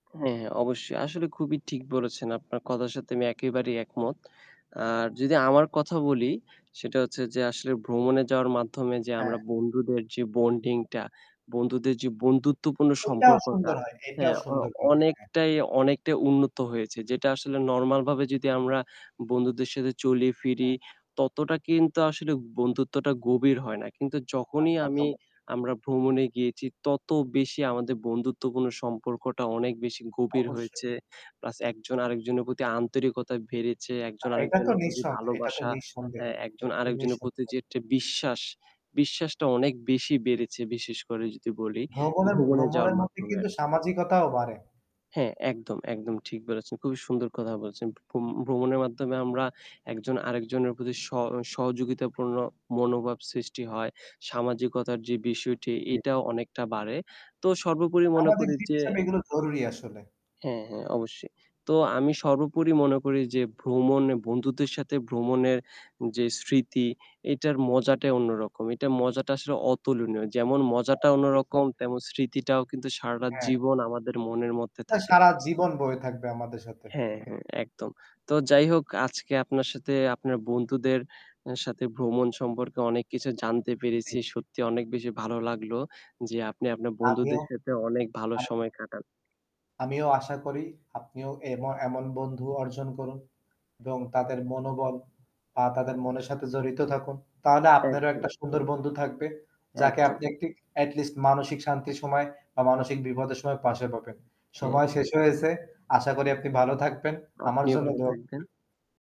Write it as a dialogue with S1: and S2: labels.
S1: আ হ্যাঁ, হ্যাঁ। অবশ্যই আসলে খুবই ঠিক বলেছেন। আপনার কথার সাথে আমি একেবারেই একমত। আর যদি আমার কথা বলি সেটা হচ্ছে যে আসলে ভ্রমণে যাওয়ার মাধ্যমে যে
S2: হ্যাঁ।
S1: আমরা বন্ধুদের যে বন্ডিং টা, বন্ধুদের যে বন্ধুত্বপূর্ণ
S2: এইটাও
S1: সম্পর্কটা।
S2: সুন্দর হয় এইটাও
S1: হ্যাঁ অ
S2: সুন্দর হয়। হ্যাঁ।
S1: অনেকটাই, অনেকটাই উন্নত হয়েছে। যেটা আসলে নরমাল ভাবে যদি আমরা বন্ধুদের সাথে চলি ফিরি,
S2: [unintelligible]
S1: ততটা কিন্তু আসলে বন্ধুত্বটা গভীর হয় না। কিন্তু
S2: না
S1: যখনই
S2: তা তো
S1: আমি
S2: অবশ্যই।
S1: আমরা ভ্রমণে গিয়েছি তত বেশি আমাদের বন্ধুত্বপূর্ণ সম্পর্কটা অনেক বেশি গভীর
S2: অবশ্যই।
S1: হয়েছে। প্লাস একজন আরেকজনের প্রতি আন্তরিকতা বেড়েছে
S2: আ
S1: একজন
S2: এটা তো
S1: আরেকজনের প্রতি
S2: নিঃসন্দেহে, এটা তো
S1: ভালোবাসা হ্যাঁ
S2: নিঃসন্দেহে,
S1: একজন
S2: এটা তো
S1: আরেকজনের প্রতি
S2: নিঃসন্দেহে।
S1: যে একটি বিশ্বাস, বিশ্বাসটা অনেক বেশি বেড়েছে বিশেষ করে যদি বলি
S2: ভ্রমণের
S1: ভ্রমণে যাওয়ার
S2: ভ্রমণের মধ্যে
S1: মাধ্যমে
S2: কিন্তু
S1: আর কি।
S2: সামাজিকতাও বাড়ে।
S1: হ্যাঁ একদম, একদম ঠিক বলেছেন। খুবই সুন্দর কথা বলেছেন। ভ্রম ভ্রমণের মাধ্যমে আমরা একজন আরেকজনের প্রতি স সহযোগিতাপূর্ণ মনোভাব সৃষ্টি হয়। সামাজিকতার যে বিষয়টি, এটাও অনেকটা বাড়ে। তো সর্বোপরি মনে
S2: সামাজিক
S1: করি
S2: জিব
S1: যে
S2: হিসেবে এগুলো জরুরি আসলে।
S1: হ্যাঁ, হ্যাঁ অবশ্যই। তো আমি সর্বোপরি মনে করি যে ভ্রমণ এ বন্ধুদের সাথে ভ্রমণের যে স্মৃতি, এইটার মজাটাই অন্যরকম। এইটা মজাটা আসলে অতুলনীয়। যেমন
S2: আ
S1: মজাটা অন্যরকম
S2: দেখাবে
S1: তেমন, স্মৃতিটাও কিন্তু সারাটা
S2: হ্যাঁ।
S1: জীবন আমাদের মনের মধ্যে
S2: আ
S1: থাকে।
S2: সারা জীবন বয়ে থাকবে আমাদের সাথে।
S1: হ্যাঁ, হ্যাঁ একদম। তো যাই হোক আজকে আপনার সাথে আপনার বন্ধুদের অ্যা সাথে ভ্রমণ সম্পর্কে অনেক কিছু জানতে
S2: জি।
S1: পেরেছি। সত্যি অনেক বেশি ভালো লাগলো যে আপনি আপনার
S2: আপনিও,
S1: বন্ধুদের সাথে অনেক ভালো
S2: আ
S1: সময় কাটান।
S2: আমিও আশা করি আপনিও এম এমন বন্ধু অর্জন করুন এবং তাদের মনোবল বা তাদের মনের সাথে জড়িত থাকুন। তাহলে আপনারও একটা
S1: একদম।
S2: সুন্দর বন্ধু থাকবে। যাকে
S1: একদম।
S2: আপনি একটি এটি লিস্ট মানসিক শান্তির সময় বা মানসিক বিপদের সময় পাশে পাবেন।
S1: হুম।
S2: সময় শেষ হয়েছে, আশা করি আপনি ভালো থাকবেন। আমার
S1: আপনিও
S2: জন্য
S1: ভালো
S2: দোয়া করবেন।
S1: থাকবেন।